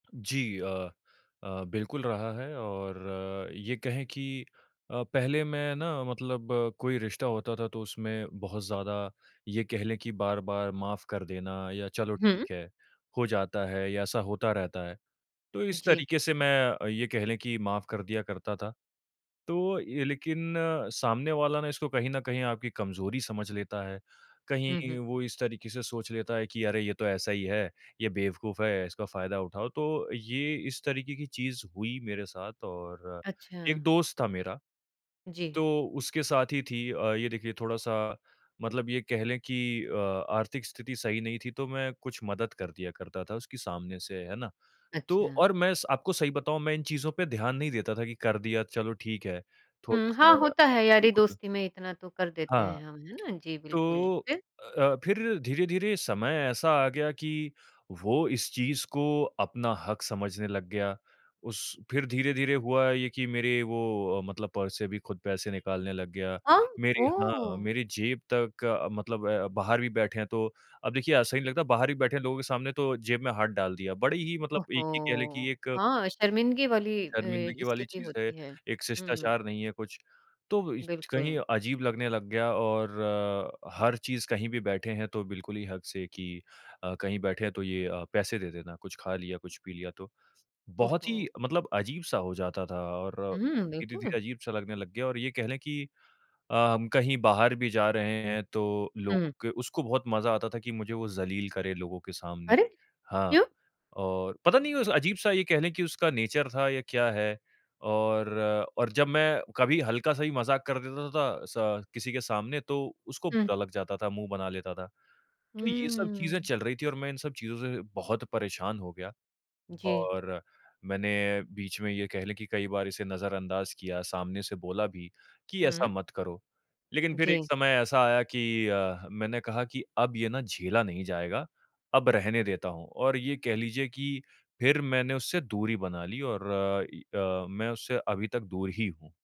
जी अ अ, बिल्कुल रहा है, और ये कहें कि अ, पहले मैं ना मतलब कोई रिश्ता होता था तो उसमें बहुत ज़्यादा, ये कह लें कि बार-बार माफ़ कर देना या चलो, हुँ। ठीक है, हो जाता है या ऐसा होता रहता है। तो इस जी। तरीके से मैं अ, ये कह लें कि माफ़ कर दिया करता था। तो ये लेकिन सामने वाला ना इसको कहीं न कहीं आपकी कमज़ोरी समझ लेता है, हुँ, कहीं हुँ। वो इस तरीके से सोच लेता है कि अरे, ये तो ऐसा ही है, ये बेवकूफ़ है, इसका फ़ायदा उठाओ। तो ये इस तरीके की चीज़ हुई मेरे साथ। और एक अच्छा। दोस्त था मेरा, जी। तो उसके साथ ही थी अ, ये देखिए थोड़ा-सा, मतलब ये कह लें कि अ, आर्थिक स्थिति सही नहीं थी, तो मैं कुछ मदद कर दिया करता था उसकी सामने से, है ना। तो अच्छा। और मैं स आपको सही बताऊँ, मैं इन चीज़ों पे ध्यान नहीं देता था कि कर दिया, चलो ठीक है। हुँ, थोड़ा-सा हाँ, अ, होता है, बिल्कुल यारी-दोस्ती में इतना तो कर देते हाँ। हैं हम, है ना। जी, बिल्कुल, तो फिर? अ अ, फिर धीरे-धीरे समय ऐसा आ गया कि वो इस चीज़ को अपना हक़ समझने लग गया। उस फिर धीरे-धीरे हुआ ये कि मेरे वो अ, मतलब पर्स से भी खुद पैसे निकालने लग गया। आ मेरी हाँ, ओह! मेरी जेब तक मतलब अ, बाहर भी बैठे हैं तो अब देखिए, अच्छा नहीं लगता, बाहर भी बैठे लोगों के सामने तो जेब में हाथ डाल दिया। बड़ी ही मतलब एक ये कह लें कि ओहो! एक हाँ, शर्मिंदगी वाली अ, शर्मिंदगी वाली स्थिति चीज़ है, होती है। एक हुँ। शिष्टाचार नहीं है कुछ। तो इछ कहीं बिल्कुल। अजीब लगने लग गया और अ, हर चीज़ कहीं भी बैठे हैं तो बिल्कुल ही हक़ से कि अ, कहीं बैठे हैं तो ये अ, पैसे दे देना, कुछ खा लिया, कुछ पी लिया तो। बहुत ही ओहो! मतलब अजीब-सा हो जाता था और उ, हुँ, धीरे-धीरे बिल्कुल। अजीब-सा लगने लग गया, और ये कह लें कि अ, हम कहीं बाहर भी जा रहे हैं, तो लोगों हुँ। के उसको बहुत मज़ा आता था कि मुझे वो ज़लील करे लोगों के सामने। अरे! हाँ, क्यों? और पता नहीं उस अजीब-सा ये कह लें कि उसका नेचर था या क्या है, और और जब मैं कभी हल्का-सा भी मज़ाक कर देता था स किसी के सामने, तो उसको हुँ। बुरा लग जाता था, मुँह बना लेता था। तो ये सब चीज़े हुँ। चल रही थीं और मैं इन सब चीज़ों से बहुत परेशान हो गया। जी। और मैंने बीच में, ये कह लें कि कई बार इसे नज़रअंदाज किया, सामने से बोला भी कि, "ऐसा हुँ। मत करो।" लेकिन फिर एक जी। समय ऐसा आया कि अ, मैंने कहा कि अब ये ना झेला नहीं जाएगा, अब रहने देता हूँ। और ये कह लीजिए कि फिर मैंने उससे दूरी बना ली और अ, इ अ, मैं उससे अभी तक दूर ही हूँ।